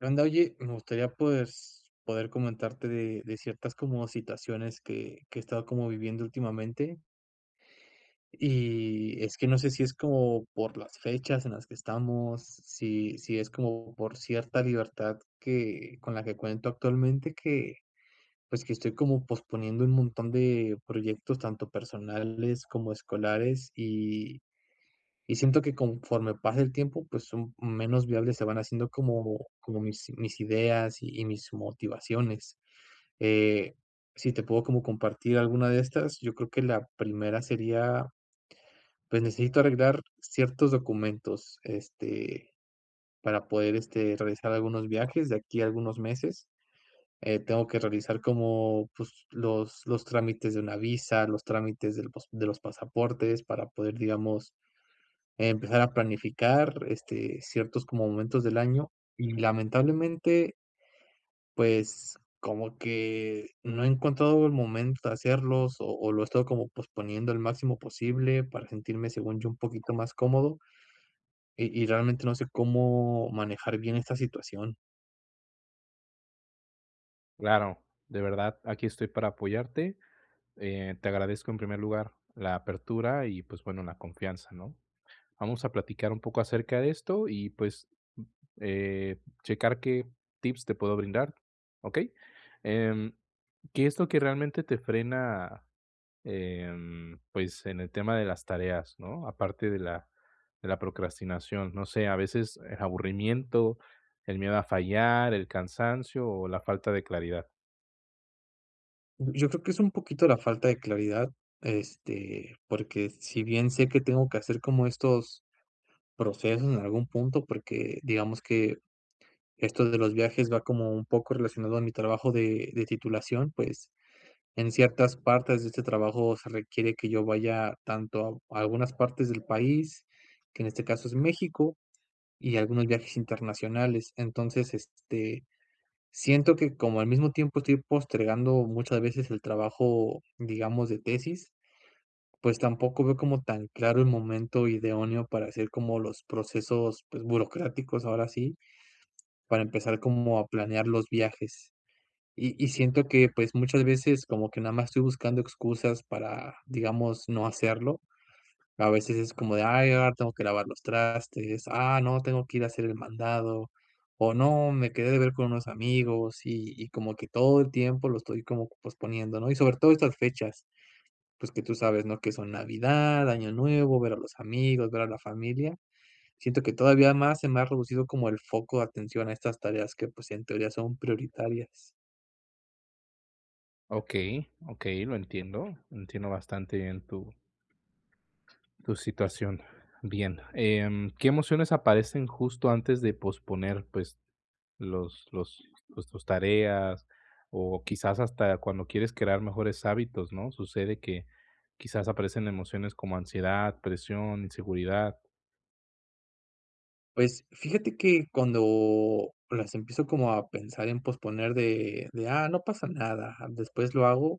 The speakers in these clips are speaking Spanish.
Anda, oye, me gustaría pues, poder comentarte de de ciertas como situaciones, que que he estado como viviendo últimamente. Y, es que no sé si es como por las fechas en las que estamos, si si es como por cierta libertad que con la que cuento actualmente, que pues, que estoy como posponiendo un montón de proyectos, tanto personales como escolares. Y y siento que conforme pasa el tiempo, pues son menos viables. Se van haciendo como como mis mis ideas, y y mis motivaciones. Eh, si te puedo como compartir alguna de estas, yo creo, que la primera sería Pues, necesito arreglar ciertos documentos, este, para poder este, realizar algunos viajes de aquí a algunos meses. Eh, tengo que realizar, como pues, los los trámites de una visa, los trámites del pos de los pasaportes, para poder, digamos, empezar a planificar, este, ciertos como momentos del año, y lamentablemente pues, como que no he encontrado, el momento de hacerlos, o o lo he estado como posponiendo, el máximo posible, para sentirme, según yo, un poquito más cómodo. Y y realmente no sé cómo manejar bien esta situación. Claro, de verdad. Aquí estoy para apoyarte, eh, te agradezco en primer lugar la apertura y pues bueno, la confianza, ¿no?, vamos a platicar un poco acerca de esto y, pues, eh, checar qué tips te puedo brindar, ¿okey?, em, ¿qué es lo que realmente te frena? Em, pues, en el tema de las tareas, ¿no?, aparte de la de la procrastinación, no sé, ¿a veces el aburrimiento, el miedo a fallar, el cansancio o la falta de claridad? Yo creo que es un poquito la falta de claridad, este, porque si bien sé que tengo que hacer como estos procesos en algún punto, porque digamos que esto de los viajes va como un poco relacionado a mi trabajo de de titulación, pues, en ciertas partes de este trabajo se requiere que yo vaya tanto a algunas partes del país, que en este caso es México, y algunos viajes internacionales. Entonces, este, siento que, como al mismo tiempo estoy postergando muchas veces el trabajo, digamos, de tesis, pues tampoco veo como tan claro el momento idóneo para hacer como los procesos, pues, burocráticos, ahora sí, para empezar como a planear los viajes, y y siento que, pues, muchas veces como que nada más estoy buscando excusas para, digamos, no hacerlo. A veces es como de: "Ay, ahora tengo que lavar los trastes. Ah, no, tengo que ir a hacer el mandado o, no, me quedé de ver con unos amigos", y y como que todo el tiempo lo estoy como posponiendo, ¿no?, y sobre todo estas fechas. Pues, que tú sabes, ¿no?, que son Navidad, Año Nuevo, ver a los amigos, ver a la familia. Siento que todavía más se me ha reducido como el foco de atención a estas tareas, que, pues, en teoría son prioritarias. Okey, okey, lo entiendo, entiendo bastante bien tu tu situación. Bien, em, ¿qué emociones aparecen justo antes de posponer, pues, los los los tus tareas?, o quizás hasta cuando quieres crear mejores hábitos, ¿no?, sucede que, quizás aparecen emociones como ansiedad, presión, inseguridad. Pues, fíjate que cuando las empiezo como a pensar en posponer de de: "Ah, no pasa nada, después lo hago",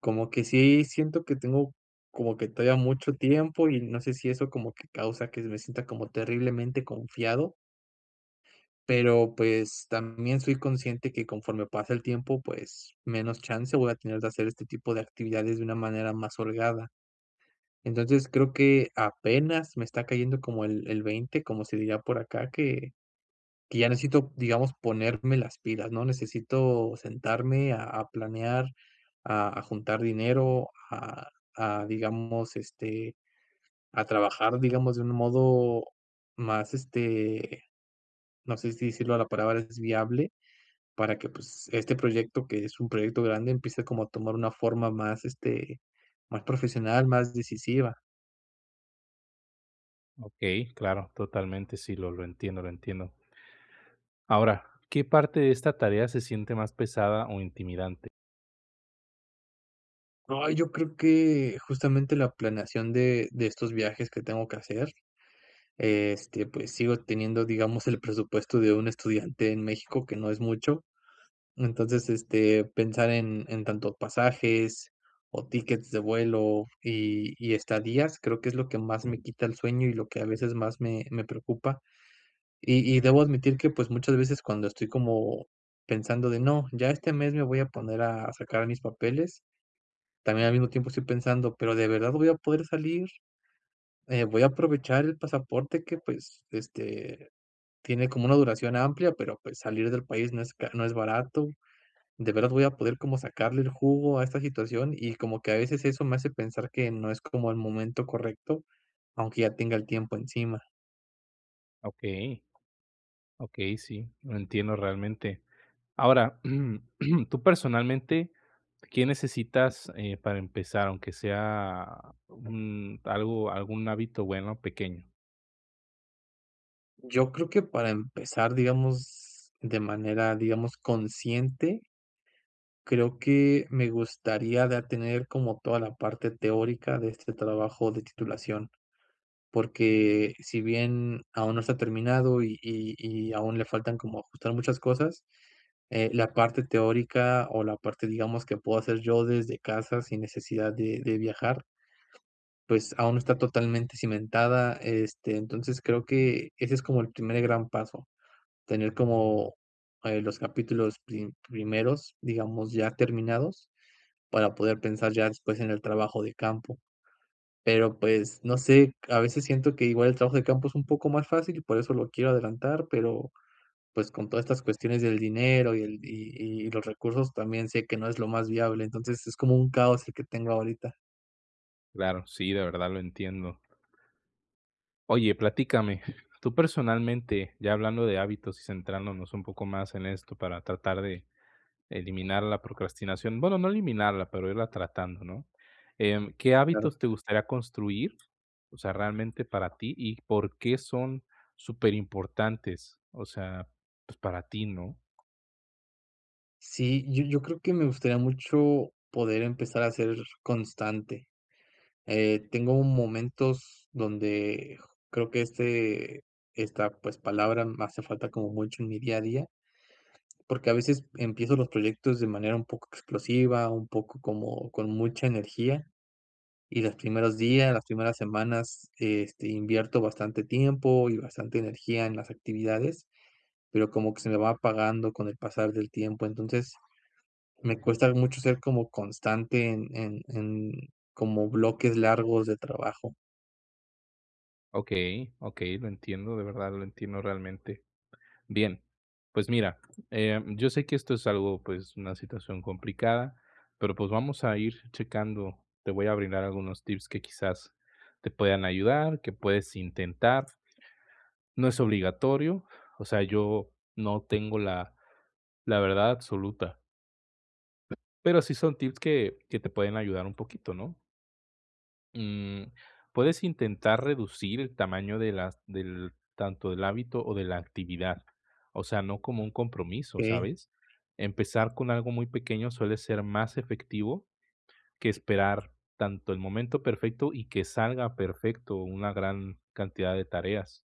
como que sí siento que tengo como que todavía mucho tiempo y no sé si eso como que causa que me sienta como terriblemente confiado pero, pues, también soy consciente que conforme pasa el tiempo, pues, menos chance voy a tener que hacer este tipo de actividades de una manera más holgada. Entonces, creo que apenas me está cayendo como el el veinte, como se diría por acá, que que ya necesito, digamos, ponerme las pilas, ¿no?, necesito sentarme a a planear, a a juntar dinero a a, digamos, este, a trabajar, digamos, de un modo más, este, no sé si decirlo a la palabra es viable para que, pues, este proyecto, que es un proyecto grande, empiece como a tomar una forma más, este, más profesional, más decisiva. Okey, claro, totalmente. Sí, lo lo entiendo, lo entiendo. Ahora, ¿qué parte de esta tarea se siente más pesada o intimidante? Ay, yo creo que, justamente, la planeación de de estos viajes que tengo que hacer, este, pues, sigo teniendo, digamos, el presupuesto de un estudiante en México, que no es mucho. Entonces, este, pensar en en tanto pasajes o tickets de vuelo, y y estadías, creo que es lo que más me quita el sueño y lo que a veces, más me me preocupa. Y y debo admitir que, pues, muchas veces, cuando estoy como pensando de: "No, ya este mes me voy a poner a sacar mis papeles", también al mismo tiempo estoy pensando: "Pero ¿de verdad voy a poder salir? Eh, voy a aprovechar el pasaporte que, pues, este, tiene como una duración amplia, pero, pues, salir del país no es ca no es barato. ¿De verdad voy a poder como sacarle el jugo a esta situación?". Y como que a veces eso me hace pensar que no es como el momento correcto, aunque ya tenga el tiempo encima. Okey. Okey, sí, lo entiendo realmente. Ahora, tú, personalmente, ¿qué necesitas, eh, para empezar, aunque sea un algo algún hábito bueno, pequeño? Yo creo que para empezar, digamos, de manera, digamos, consciente. Creo que me gustaría ya tener como toda la parte teórica de este trabajo de titulación, porque si bien aún no está terminado y y y aún le faltan como ajustar muchas cosas, eh, la parte teórica o la parte, digamos, que puedo hacer yo desde casa sin necesidad de de viajar pues, aún no está totalmente cimentada. Este, entonces, creo que ese es como el primer gran paso, tener como, eh, los capítulos pri primeros, digamos, ya terminados para poder pensar ya después en el trabajo de campo. Pero, pues, no sé, a veces siento que igual el trabajo de campo es un poco más fácil, por eso lo quiero adelantar, pero, pues, con todas estas cuestiones del dinero y el y y y los recursos, también sé que no es lo más viable. Entonces, es como un caos el que tengo ahorita. Claro, sí, de verdad lo entiendo. Oye, platícame, tú, personalmente, ya hablando de hábitos y centrándonos un poco más en esto para tratar de eliminar la procrastinación, bueno, no eliminarla, pero irla tratando, ¿no?, em, ¿qué Claro. hábitos te gustaría construir?, o sea, realmente para ti. ¿Y por qué son superimportantes?, o sea, pues, para ti, ¿no? Sí, yo yo creo que me gustaría mucho poder empezar a ser constante, eh, tengo momentos donde creo que, este esta, pues, palabra me hace falta como mucho en mi día a día porque a veces empiezo los proyectos de manera un poco explosiva, un poco como con mucha energía, y los primeros días, las primeras semanas, este, invierto bastante tiempo y bastante energía en las actividades, pero como que se me va apagando con el pasar del tiempo. Entonces, me cuesta mucho ser como constante en en en como bloques largos de trabajo. Okey, okey, lo entiendo, de verdad lo entiendo realmente. Bien, pues mira, eh, yo sé que esto es algo, pues, una situación complicada, pero, pues, vamos a ir checando. Te voy a brindar algunos tips que quizás te puedan ayudar, que puedes intentar no es obligatorio, o sea, yo no tengo la la verdad absoluta. Pero sí son tips que que te pueden ayudar un poquito, ¿no? Mm, puedes intentar reducir el tamaño de las del tanto del hábito o de la actividad, o sea, no como un compromiso, Ey. ¿sabes? Empezar con algo muy pequeño suele ser más efectivo, que esperar tanto el momento perfecto y que salga perfecto una gran cantidad de tareas.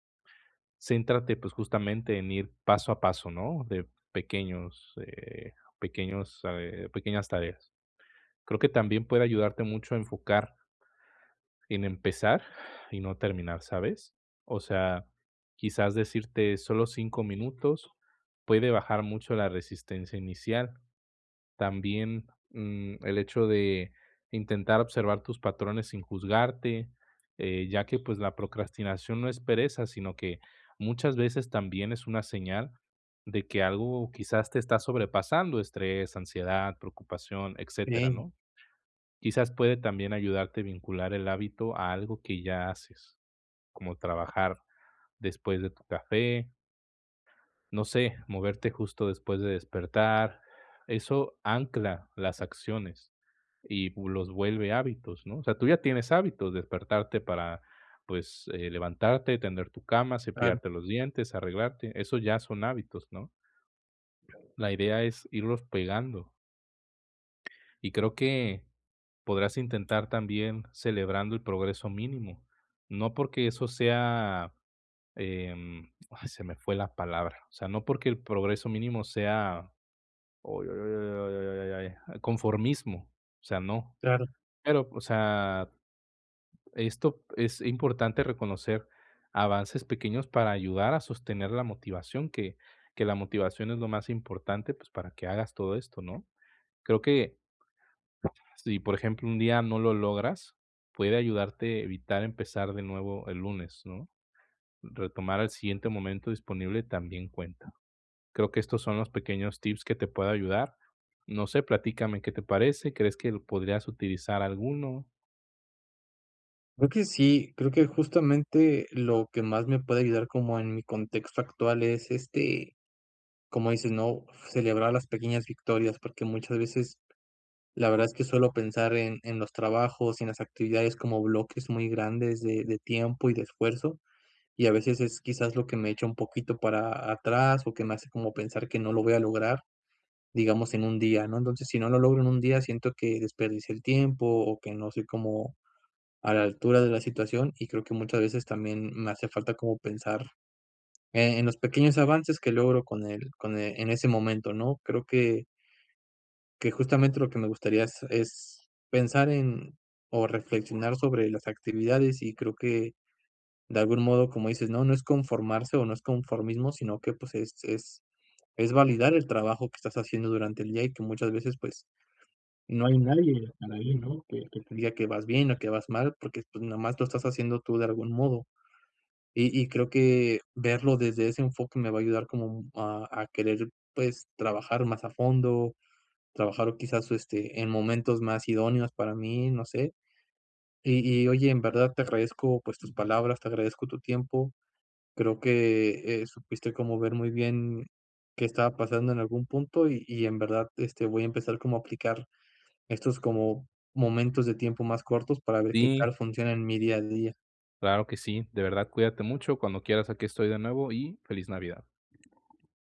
Céntrate, pues justamente en ir paso a paso, ¿no?, de pequeños, eh, pequeños eh, pequeñas tareas, creo que también puede ayudarte mucho a enfocar en empezar y no terminar, ¿sabes? O sea, quizás decirte solo 5 minutos puede bajar mucho la resistencia inicial. También, mm, el hecho de intentar observar tus patrones sin juzgarte, eh, ya que pues la procrastinación no es pereza, sino que muchas veces también es una señal de que algo quizás te está sobrepasando, estrés, ansiedad, preocupación, etcétera Ey. ¿no? Quizás puede también ayudarte vincular el hábito a algo que ya haces como trabajar después de tu café No sé, moverte justo después de despertar, eso ancla las acciones y pues los vuelve hábitos, ¿no?, o sea, tú ya tienes hábitos, despertarte para pues, eh, levantarte, tender tu cama, Claro. cepillarte los dientes, arreglarte. Esos ya son hábitos, ¿no? La idea es irlos pegando. Y creo que podrás intentar también celebrando el progreso mínimo. No porque eso sea, em Ay, se me fue la palabra. O sea, no porque el progreso mínimo sea a conformismo. O sea, no. Claro. Pero, o sea, esto es importante reconocer avances pequeños para ayudar a sostener la motivación, que que la motivación es lo más importante, pues, para que hagas todo esto, ¿no? Creo que si, por ejemplo, un día no lo logras, puede ayudarte a evitar empezar de nuevo el lunes, ¿no? Retomar al siguiente momento disponible también cuenta. Creo que estos son los pequeños tips que te puedo ayudar. No sé, platícame, ¿qué te parece? ¿Crees que podrías utilizar alguno? Creo que sí. Creo que, justamente, lo que más me puede ayudar como en mi contexto actual es, este, como dices, ¿no?, celebrar las pequeñas victorias, porque muchas veces, la verdad es que suelo pensar en en los trabajos y en las actividades como bloques muy grandes de de tiempo y de esfuerzo, y a veces, es quizás lo que me echa un poquito para atrás o que me hace como pensar que no lo voy a lograr, digamos, en un día, ¿no? Entonces, si no lo logro en un día, siento que desperdicié el tiempo, o que no soy como a la altura de la situación, y creo que muchas veces también me hace falta como pensar, eh, en los pequeños avances que logro con el con e en ese momento, ¿no? Creo que que, justamente. lo que me gustaría es es pensar en o reflexionar sobre las actividades. Y creo que de algún modo, como dices, ¿no?, no es conformarse o no es conformismo, sino que, pues, es es es validar el trabajo que estás haciendo durante el día y que muchas veces, pues, no hay nadie, a nadie, ¿no?, para ti, ¿no?, que que te diga que vas bien o que vas mal, porque, pues, nomás lo estás haciendo tú de algún modo. Y y creo que verlo desde ese enfoque me va a ayudar como a a querer, pues trabajar más a fondo, trabajar o quizás, este, en momentos más idóneos para mí, no sé. Y y oye, en verdad, te agradezco pues tus palabras, te agradezco tu tiempo. Creo que, eh, supiste como ver muy bien qué estaba pasando en algún punto. Y y en verdad, este, voy a empezar como a aplicar estos como momentos de tiempo más cortos para ver qué Sí. tal funciona en mi día a día. Claro que sí. De verdad, cuídate mucho. Cuando quieras, aquí estoy de nuevo y feliz Navidad.